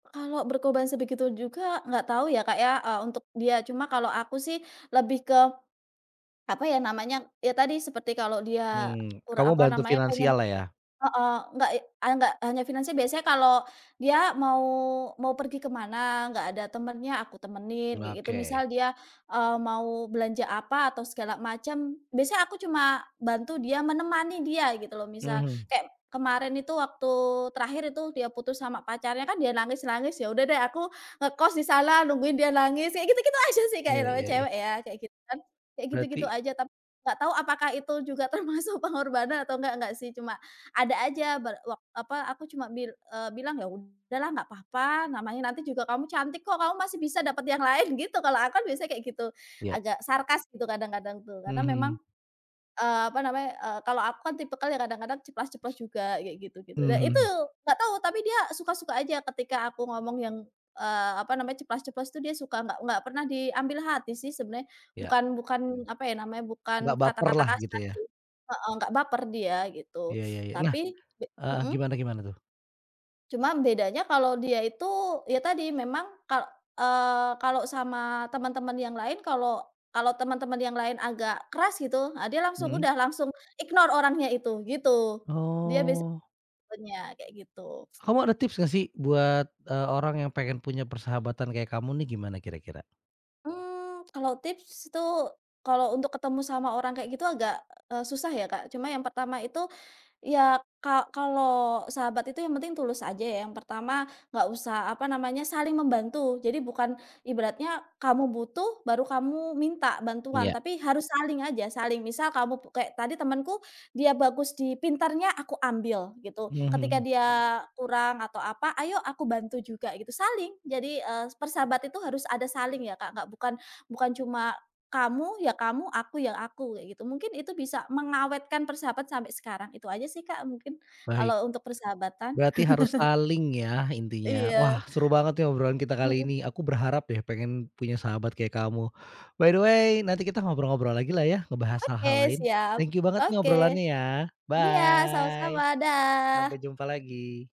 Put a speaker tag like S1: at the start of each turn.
S1: Kalau berkorban sebegitu juga, nggak tau, ya, Kak, ya, eee, untuk dia. Cuma kalau aku, sih, lebih ke apa ya namanya. Ya, tadi seperti kalau dia,
S2: Hmm,
S1: ur
S2: kamu
S1: apa
S2: bantu
S1: namanya, pengen
S2: finansial lah ya?
S1: heeh, nggak, eee, enggak hanya finansial, biasanya kalau dia mau mau pergi ke mana, enggak ada temennya, aku temenin
S2: M
S1: kayak, gitu. Misal
S2: oke.
S1: dia, eee, mau belanja apa atau segala macem, biasanya aku cuma bantu dia, menemani dia, gitu, loh. Misal
S2: Mhm.
S1: kayak kemarin itu, waktu terakhir itu dia putus sama pacarnya, kan dia nangis-nangis. Ya udah deh, aku ngekos di sana, nungguin dia nangis, ya gitu-gitu aja, sih, Kak, ya
S2: Iya
S1: namanya
S2: iya iya.
S1: cewek ya, kayak gitu, kan. Kayak
S2: Berarti.
S1: gitu-gitu aja, tapi nggak tau apakah itu juga termasuk pengorbanan atau enggak enggak sih, cuma ada aja ba wak apa, aku cuma bil eee, bilang, "Ya udah lah nggak papa, namanya nanti juga kamu cantik, kok. Kamu masih bisa dapet yang lain!" Gitu, kalau aku kan biasanya kayak gitu.
S2: Iya.
S1: Agak sarkas gitu kadang-kadang tuh, karena memang,
S2: Mhm.
S1: eee, apa namanya, eee, kalau aku kan tipikal yang kadang-kadang ceplas-ceplos juga, kayak gitu gitu. Dan itu
S2: Mhm.
S1: nggak tahu, tapi dia suka-suka aja ketika aku ngomong yang, eee, apa namanya ceplas-ceplos, tuh, dia suka, nggak nggak pernah diambil hati, sih, sebenarnya.
S2: Iya.
S1: Bukan bukan apa ya namanya, bukan
S2: Nggak baper
S1: kata-kata
S2: lah, gitu,
S1: kasar
S2: ya?
S1: sih, heeh, nggak baper dia, gitu,
S2: Iya iya iya. Nah
S1: tapi be
S2: heeh,
S1: Mhm.
S2: gimana-gimana, tuh?
S1: Cuma bedanya kalau dia itu, ya tadi, memang kal eee, kalau sama temen-temen yang lain, kalau kalau temen-temen yang lain agak keras, gitu. Ah, dia langsung
S2: Mhm.
S1: udah langsung ignore orangnya itu, gitu. Dia biasanya
S2: Oh.
S1: [unintelligible] kayak gitu.
S2: Kamu ada tips, nggak sih? Buat, eee, orang yang pengen punya persahabatan kayak kamu nih, gimana kira-kira?
S1: Mmm, kalau tips itu, kalau untuk ketemu sama orang kayak gitu agak, eee, susah ya, Kak. Cuma yang pertama itu, ya ka kalau sahabat itu yang penting tulus aja ya, yang pertama nggak usah apa namanya, saling membantu. Jadi bukan ibaratnya kamu butuh, baru kamu minta
S2: Iya.
S1: bantuan, tapi harus saling aja, saling. Misal kamu pu kayak tadi temenku, dia bagus di pintarnya, aku ambil, gitu. Ketika
S2: Mhm.
S1: dia kurang atau apa, ayo aku bantu juga gitu, saling. Jadi, eee, persahabat itu harus ada saling, ya, Kak. Nggak bukan bukan cuma, kamu ya kamu, aku ya aku, kayak gitu. Mungkin itu bisa mengawetkan persahabat sampai sekarang. Itu aja, sih, Kak, mungkin
S2: Baik,
S1: kalau untuk persahabatan.
S2: berarti harus saling ya, intinya.
S1: Iya.
S2: Wah, seru banget nih, obrolan kita kali ini.
S1: Mhm.
S2: Aku berharap deh, pengen punya sahabat kayak kamu. By the way, nanti kita ngobrol-ngobrol lagi, lah ya, ngebahas
S1: Oke,
S2: hal-hal lain,
S1: siap.
S2: thank you banget nih,
S1: Oke.
S2: obrolannya ya.
S1: Iya, sama-sama,
S2: Bye, sampai
S1: dah!
S2: jumpa lagi.